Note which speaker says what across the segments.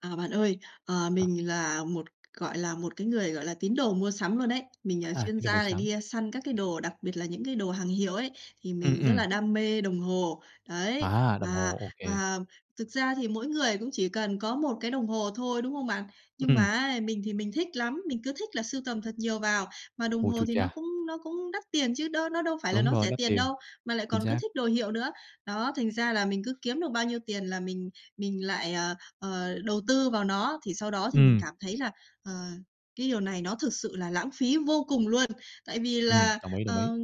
Speaker 1: À bạn ơi, ờ,
Speaker 2: Ờ.
Speaker 1: mình là một, gọi là, một cái người gọi là tín đồ mua sắm luôn ấy. Mình, à,
Speaker 2: À,
Speaker 1: chuyên
Speaker 2: tín đồ mua
Speaker 1: gia này
Speaker 2: sắm.
Speaker 1: đi săn các cái đồ, đặc biệt là những cái đồ hàng hiệu ấy, thì
Speaker 2: Ừm,
Speaker 1: mình rất
Speaker 2: ừm.
Speaker 1: là đam mê đồng hồ. Đấy!
Speaker 2: À, đồng
Speaker 1: Và
Speaker 2: hồ, ô kê.
Speaker 1: và thực ra thì mỗi người cũng chỉ cần có một cái đồng hồ thôi, đúng không bạn? Nhưng
Speaker 2: Ừm.
Speaker 1: mà ấy, mình thì mình thích lắm, mình cứ thích là sưu tầm thật nhiều vào, mà đồng
Speaker 2: Ôi,
Speaker 1: hồ
Speaker 2: chu
Speaker 1: thì nó
Speaker 2: cha!
Speaker 1: cũng nó cũng đắt tiền chứ đó nó đâu phải là
Speaker 2: Đúng
Speaker 1: nó
Speaker 2: rồi,
Speaker 1: rẻ
Speaker 2: đắt
Speaker 1: tiền
Speaker 2: tiền.
Speaker 1: đâu, mà lại
Speaker 2: Chính
Speaker 1: còn cứ
Speaker 2: xác.
Speaker 1: thích đồ hiệu nữa. Đó, thành ra là mình cứ kiếm được bao nhiêu tiền là mình mình lại ờ, ờ, đầu tư vào nó, thì sau đó thì mình
Speaker 2: Ừm!
Speaker 1: cảm thấy là, ờ, cái điều này nó thực sự là lãng phí vô cùng luôn! Tại vì
Speaker 2: Ừm,
Speaker 1: là,
Speaker 2: đồng ý, đồng ý.
Speaker 1: ờ,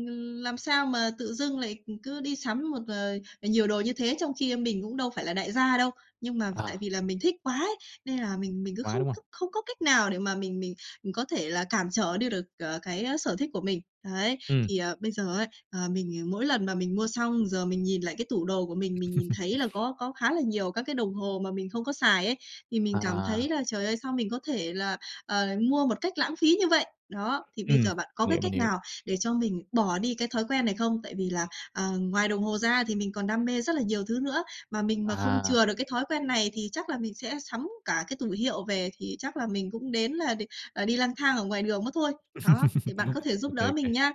Speaker 1: làm sao mà tự dưng lại, ừm, cứ đi sắm một, ờ, nhiều đồ như thế trong khi mình cũng đâu phải là đại gia đâu. Nhưng mà tại
Speaker 2: À.
Speaker 1: vì là mình thích quá ấy, nên là mình mình cứ
Speaker 2: Quá,
Speaker 1: không
Speaker 2: đúng hông?
Speaker 1: có không có cách nào để mà mình mình, ừm, có thể là cản trở đi được, ờ, cái sở thích của mình. Đấy.
Speaker 2: Ừm.
Speaker 1: Thì, ờ, bây giờ ấy, ờ, mình mỗi lần mà mình mua xong giờ mình nhìn lại cái tủ đồ của mình, mình nhìn thấy là có có khá là nhiều các cái đồng hồ mà mình không có xài ấy, thì mình cảm thấy
Speaker 2: À.
Speaker 1: là trời ơi, sao mình có thể là, ờ, mua một cách lãng phí như vậy? Đó, thì bây
Speaker 2: Ừm,
Speaker 1: giờ bạn có
Speaker 2: mình
Speaker 1: cái
Speaker 2: hiểu, mình
Speaker 1: cách
Speaker 2: hiểu.
Speaker 1: nào để cho mình bỏ đi cái thói quen này không? Tại vì là, ờ, ngoài đồng hồ ra thì mình còn đam mê rất là nhiều thứ nữa, mà mình mà không
Speaker 2: À.
Speaker 1: chừa được cái thói quen này thì chắc là mình sẽ sắm cả cái tủ hiệu về thì chắc là mình cũng đến là đì ờ, là đi lang thang ở ngoài đường mất thôi! Đó, thì bạn có thể
Speaker 2: Ô
Speaker 1: giúp
Speaker 2: kê, ô
Speaker 1: đỡ
Speaker 2: kê.
Speaker 1: mình nha!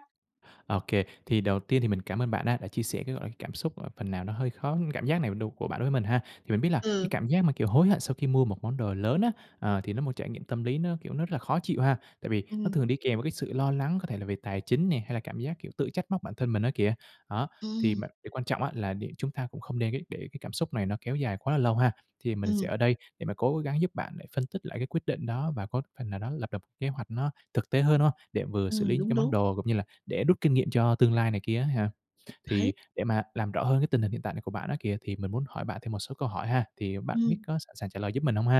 Speaker 2: Ô kê, thì đầu tiên thì mình cảm ơn bạn á, đã chia sẻ cái, gọi là, cảm xúc, ờ, phần nào nó hơi khó cảm giác này đù của bạn đối với mình ha. Thì mình biết là cái
Speaker 1: Ừ!
Speaker 2: cảm giác mà kiểu hối hận sau khi mua một món đồ lớn á, ờ, thì nó một trải nghiệm tâm lý nó, kiểu, nó rất là khó chịu ha, tại vì nó
Speaker 1: Ừm.
Speaker 2: thường đi kèm với cái sự lo lắng có thể là về tài chính nè, hay là cảm giác, kiểu, tự trách móc bản thân mình á kìa. Đó, thì
Speaker 1: Ừm.
Speaker 2: bạn thì quan trọng á, là để chúng ta cũng không nên kế để cái cảm xúc này nó kéo dài quá là lâu ha. Thì mình sẽ
Speaker 1: Ừm.
Speaker 2: ở đây để mà cố gắng giúp bạn để phân tích lại cái quyết định đó và có phần nào đó lập lập kế hoạch nó thực tế hơn, đúng hông? Để vừa xử
Speaker 1: Ừm,
Speaker 2: lý những
Speaker 1: đúng,
Speaker 2: cái món
Speaker 1: đúng.
Speaker 2: đồ cũng như là để rút kinh nghiệm cho tương lai này kia á ha.
Speaker 1: Đấy!
Speaker 2: Thì để mà làm rõ hơn cái tình hình hiện tại của bạn á kìa, thì mình muốn hỏi bạn thêm một số câu hỏi ha, thì bạn biết
Speaker 1: Ừm.
Speaker 2: có sẵn sàng trả lời giúp mình hông ha?